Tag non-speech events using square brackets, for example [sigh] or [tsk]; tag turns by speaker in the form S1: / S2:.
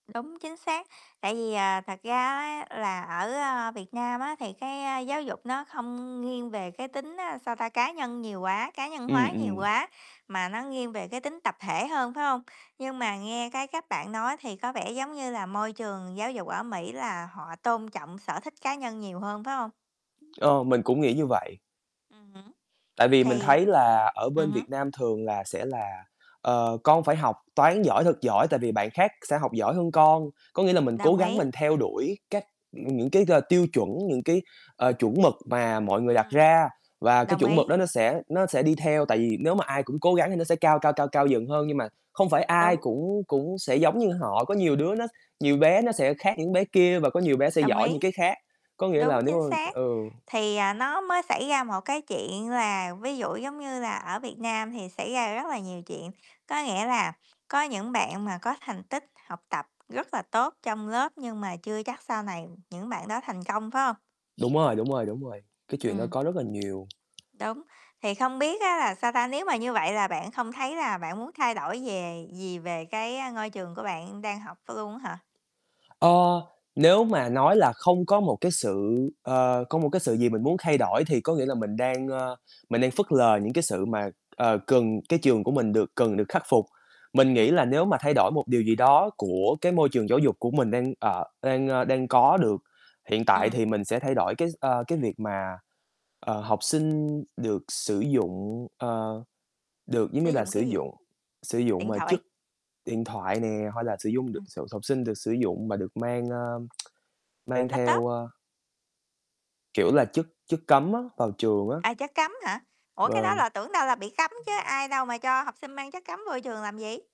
S1: Đúng, chính xác. Tại vì, à, thật ra á, là ở, a, Việt Nam á, thì cái, a, giáo dục nó không nghiêng về cái tính, a, sao ta, cá nhân nhiều quá, cá nhân
S2: Ừm,
S1: hóa nhiều
S2: ừm.
S1: quá, mà nó nghiêng về cái tính tập thể hơn, phải hông? Nhưng mà nghe cái cách bạn nói thì có vẻ giống như là môi trường giáo dục ở Mỹ là họ tôn trọng sở thích cá nhân nhiều hơn, phải hông?
S2: Ờ, mình cũng nghĩ như vậy.
S1: Ừm hứm.
S2: Tại vì mình
S1: Thì
S2: thấy là ở
S1: ừm
S2: bên
S1: hứm.
S2: Việt Nam thường là sẽ là, ờ, "Con phải học toán giỏi thật giỏi, tại vì bạn khác sẽ học giỏi hơn con." Có nghĩa là mình cố
S1: Đồng
S2: gắng
S1: ý.
S2: mình theo đuổi các ừm, những cái g tiêu chuẩn, những cái, ờ, chuẩn mực mà mọi người đặt
S1: Ừm.
S2: ra và cái
S1: Đồng
S2: chuẩn mực
S1: ý.
S2: đó nó sẽ nó sẽ đi theo. Tại vì nếu mà ai cũng cố gắng thì nó sẽ cao, cao, cao, cao dần hơn. Nhưng mà không phải ai
S1: Đúng.
S2: cũng cũng sẽ giống như họ, có nhiều đứa nó nhiều bé nó sẽ khác những bé kia và có nhiều bé sẽ
S1: Đồng
S2: giỏi
S1: ý.
S2: những cái khác. Có nghĩa
S1: Đúng,
S2: là, nếu
S1: chính
S2: mà
S1: xác.
S2: ừ.
S1: Thì, à, nó mới xảy ra một cái chuyện là, ví dụ, giống như là, ở Việt Nam thì xảy ra rất là nhiều chuyện, có nghĩa là, có những bạn mà có thành tích học tập rất là tốt trong lớp, nhưng mà chưa chắc sau này những bạn đó thành công, phải hông?
S2: Đúng rồi, đúng rồi, đúng rồi, cái chuyện đó
S1: Ừm.
S2: có rất là nhiều.
S1: Đúng, thì không biết á, là sao ta, nếu mà như vậy là bạn không thấy là bạn muốn thay đổi về gì về cái ngôi trường của bạn đang học ph luôn á hả?
S2: Ờ. Nếu mà nói là không có một cái sự ờ, có một cái sự gì mình muốn thay đổi, thì có nghĩa là mình đang, ơ, mình đang phớt lờ những cái sự mà, ờ, cần cái trường của mình được cần được khắc phục. Mình
S1: Ừm
S2: nghĩ
S1: hứm.
S2: là nếu mà thay đổi một điều gì đó của cái môi trường giáo dục của mình đang, ờ, đang, ơ, đang có được hiện tại
S1: Ừm.
S2: thì mình sẽ thay đổi cái s ơ, cái việc mà, ờ, học sinh được sử dụng, ờ, được, giống
S1: Sử
S2: như là,
S1: dụng
S2: sử
S1: cái gì?
S2: dụng sử dụng,
S1: Điện
S2: à, chất
S1: thoại.
S2: điện thoại nè, hay là sử dụng được
S1: Ừm.
S2: s học sinh được sử dụng và được mang, a, [tsk] mang theo,
S1: Laptop.
S2: a kiểu là, chất chất cấm á, vào trường á.
S1: À, chất cấm hả? Ủa, cái đó
S2: Vâng.
S1: là tưởng đâu là bị cấm chứ, ai đâu mà cho học sinh mang chất cấm vô trường làm gì?